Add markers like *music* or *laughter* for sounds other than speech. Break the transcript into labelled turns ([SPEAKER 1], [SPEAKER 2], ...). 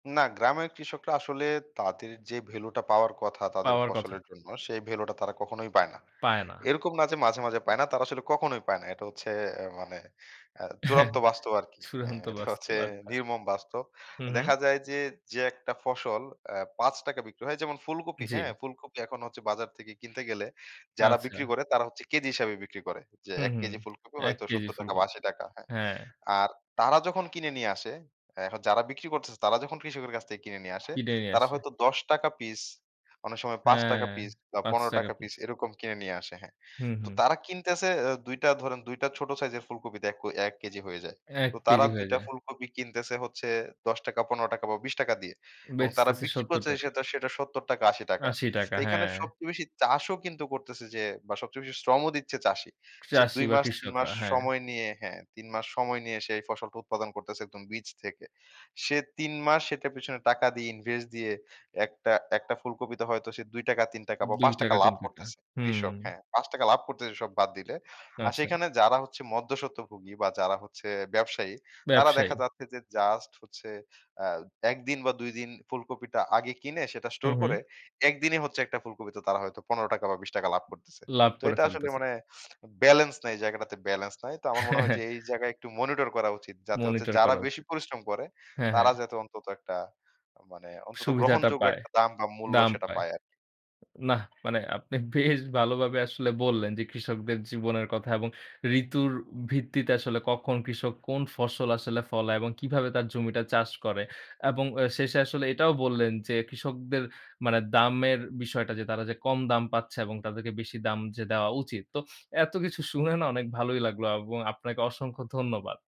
[SPEAKER 1] না, গ্রামের কৃষকরা আসলে তাদের যে ভ্যালুটা পাওয়ার কথা তাদের
[SPEAKER 2] পাওয়ার কথা।
[SPEAKER 1] ফসলের জন্য, সেই ভ্যালুটা তারা কখনোই পায় না।
[SPEAKER 2] পায় না।
[SPEAKER 1] এরকম না? যে মাঝে, মাঝে পায় না, তারা আসলে কখনোই পায় না। এটা হচ্ছে এ মানে অ্যা
[SPEAKER 2] হ্যাঁ।
[SPEAKER 1] চূড়ান্ত বাস্তব আরকি। হ্যাঁ,
[SPEAKER 2] চূড়ান্ত
[SPEAKER 1] এটা হচ্ছে
[SPEAKER 2] বাস্তব। আচ্ছা।
[SPEAKER 1] নির্মম বাস্তব।
[SPEAKER 2] হু, হু।
[SPEAKER 1] দেখা যায় যে, যে একটা ফসল অ্যা ৳৫ টাকায় বিক্রি হয় যেমন ফুলকপি, হ্যাঁ?
[SPEAKER 2] জি।
[SPEAKER 1] ফুলকপি এখন হচ্ছে বাজার থেকে কিনতে গেলে যারা বিক্রি
[SPEAKER 2] আচ্ছা।
[SPEAKER 1] করে, তারা হচ্ছে কেজি হিসাবে বিক্রি করে। যে
[SPEAKER 2] হু,
[SPEAKER 1] ১
[SPEAKER 2] হু।
[SPEAKER 1] কেজি ফুলকপি
[SPEAKER 2] ১
[SPEAKER 1] হয়তো
[SPEAKER 2] কেজি
[SPEAKER 1] ৳৭০ টাকা বা
[SPEAKER 2] ফুলকপি।
[SPEAKER 1] ৳৮০ টাকা হ্যাঁ,
[SPEAKER 2] হ্যাঁ।
[SPEAKER 1] আর তারা যখন কিনে নিয়ে আসে, এ হ যারা বিক্রি করতেছে, তারা যখন কৃষকের কাছ থেকে কিনে নিয়ে আসে,
[SPEAKER 2] পিডায় নিয়া
[SPEAKER 1] তারা
[SPEAKER 2] আসে।
[SPEAKER 1] হয়তো ৳১০ টাকা পিস, অনেক সময় ৳৫
[SPEAKER 2] হ্যাঁ,
[SPEAKER 1] টাকা পিস বা
[SPEAKER 2] ৳৫
[SPEAKER 1] ৳১৫
[SPEAKER 2] টাকা
[SPEAKER 1] টাকা পিস,
[SPEAKER 2] পিস।
[SPEAKER 1] এরকম কিনে নিয়ে আসে হ্যাঁ।
[SPEAKER 2] হুম,
[SPEAKER 1] তো
[SPEAKER 2] হুম।
[SPEAKER 1] তারা কিনতেছে এ ২ টা ধরেন, ২ টা ছোট সাইজের ফুলকপিতে এক ১ কেজি হয়ে যায়।
[SPEAKER 2] ১
[SPEAKER 1] তো তারা
[SPEAKER 2] কেজি
[SPEAKER 1] ২
[SPEAKER 2] হয়ে
[SPEAKER 1] টা
[SPEAKER 2] যায়।
[SPEAKER 1] ফুলকপি কিনতেছে হচ্ছে ৳১০ টাকা, ৳১৫ টাকা বা ৳২০ টাকা দিয়ে। এবং তারা
[SPEAKER 2] বেচতেছে
[SPEAKER 1] বিক্রি
[SPEAKER 2] ৳৭০
[SPEAKER 1] করছে
[SPEAKER 2] টাকা।
[SPEAKER 1] সেতা সেটা ৳৭০-৳৮০
[SPEAKER 2] ৳৮০ টাকা।
[SPEAKER 1] তো এইখানে
[SPEAKER 2] হ্যাঁ।
[SPEAKER 1] সবচেয়ে বেশি চাষও কিন্তু করতেছে যে বা সবচেয়ে বেশি শ্রমও দিচ্ছে চাষী। সে
[SPEAKER 2] চাষী
[SPEAKER 1] ২
[SPEAKER 2] বা
[SPEAKER 1] মাস ৩ মাস
[SPEAKER 2] কৃষকরা, হ্যাঁ।
[SPEAKER 1] সময় নিয়ে হ্যাঁ, ৩ মাস সময় নিয়ে সে এই ফসলটা উৎপাদন করতেছে, একদম বীজ থেকে। সে ৩ মাস সেটার পেছনে টাকা দিয়ে ইনভেস্ট দিয়ে, ১ টা ১ টা ফুলকপিতে হয়তো সে ৳২ টাকা ৳৩ টাকা বা
[SPEAKER 2] ৳২
[SPEAKER 1] ৳৫ টাকা
[SPEAKER 2] টাকা,
[SPEAKER 1] লাভ
[SPEAKER 2] ৳৩ টাকা।
[SPEAKER 1] করতেছে
[SPEAKER 2] হুম।
[SPEAKER 1] কৃষক, হ্যাঁ। ৳৫ টাকা লাভ করতেছে, সব বাদ দিলে। আর
[SPEAKER 2] আচ্ছা।
[SPEAKER 1] সেখানে যারা হচ্ছে মধ্যসত্বভোগী বা যারা হচ্ছে ব্যবসায়ী, তারা দেখা
[SPEAKER 2] ব্যবসায়ী।
[SPEAKER 1] যাচ্ছে যে জাস্ট হচ্ছে আ ১ দিন বা ২ দিন ফুলকপিটা আগে কিনে সেটা
[SPEAKER 2] হু,
[SPEAKER 1] স্টোর করে,
[SPEAKER 2] হু।
[SPEAKER 1] একদিনই হচ্ছে একটা ফুলকপিতে তারা হয়তো ৳১৫ টাকা বা ৳২০ টাকা লাভ করতেছে।
[SPEAKER 2] লাভ
[SPEAKER 1] তো
[SPEAKER 2] করে
[SPEAKER 1] এটা আসলে
[SPEAKER 2] ফেলতেছে।
[SPEAKER 1] মানে *snorts* ব্যালেন্স নাই জায়গাটাতে, ব্যালেন্স নাই। তো আমার মনে হয় যে, এই জায়গায়
[SPEAKER 2] *chuckles*
[SPEAKER 1] একটু মনিটর করা উচিত যাতে হচ্ছে
[SPEAKER 2] মনিটর
[SPEAKER 1] যারা
[SPEAKER 2] করা
[SPEAKER 1] বেশি
[SPEAKER 2] উচিত।
[SPEAKER 1] পরিশ্রম করে,
[SPEAKER 2] হ্যাঁ,
[SPEAKER 1] তারা
[SPEAKER 2] হ্যাঁ।
[SPEAKER 1] যাতে অন্তত একটা মানে অন্তত
[SPEAKER 2] সুবিধাটা
[SPEAKER 1] গ্রহণযোগ্য
[SPEAKER 2] পায়,
[SPEAKER 1] একটা দাম বা মূল্য
[SPEAKER 2] দাম
[SPEAKER 1] সেটা
[SPEAKER 2] পায়।
[SPEAKER 1] পায় আরকি।
[SPEAKER 2] নাহ, মানে আপনি বেশ ভালোভাবে আসলে বললেন যে, কৃষকদের জীবনের কথা এবং ঋতুর ভিত্তিতে আসলে কখন, কৃষক কোন ফসল আসলে ফলায় এবং কিভাবে তার জমিটা চাষ করে। এবং অ শেষে আসলে এটাও বললেন যে, কৃষকদের মানে দামের বিষয়টা যে তারা যে কম দাম পাচ্ছে এবং তাদেরকে বেশি দাম যে দেওয়া উচিত। তো এতকিছু শুনে না, অনেক ভালোই লাগলো এবং আপনাকে অসংখ্য ধন্যবাদ।